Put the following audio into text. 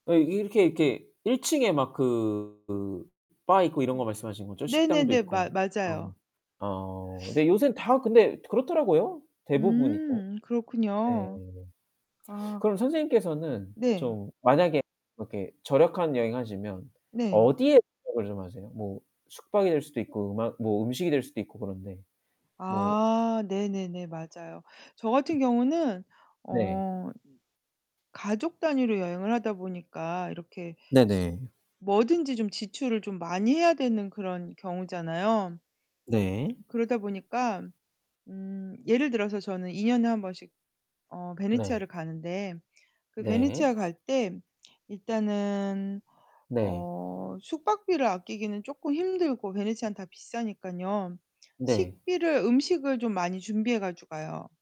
아이 이렇게 이렇게 1 층에 막 그 바 있고 이런 거 음 말씀하시는 거죠? 식당도 네네네. 마 있고. 아 네. 맞아요. 어 네. 요샌 다 근데 그렇더라고요, 대부분이 또. 음 네네. 그렇군요. 아. 그럼 선생님께서는 네. 좀 만약에 그렇게 절약한 여행 하시면 네. 어디에 [unintelligible] 을 좀 하세요? 뭐 숙박이 될 수도 있고 음악 뭐 음식이 될 수도 있고 그런데 뭐 아 네네네. 맞아요. 저 같은 경우는 네. 어 가족 단위로 여행을 하다 보니까 이렇게 네네. 뭐든지 좀 지출을 좀 많이 해야 되는 그런 경우잖아요. 네. 그러다 보니까 음 예를 들어서 저는 2 년에 1 번씩 어 네. 베네치아를 가는데 그 네. 베네치아 갈 때 일단은 네. 어 숙박비를 아끼기는 쪼끔 힘들고 베네치아는 다 비싸니깐요. 네. 식비를 음식을 좀 많이 준비해 가지고 가요.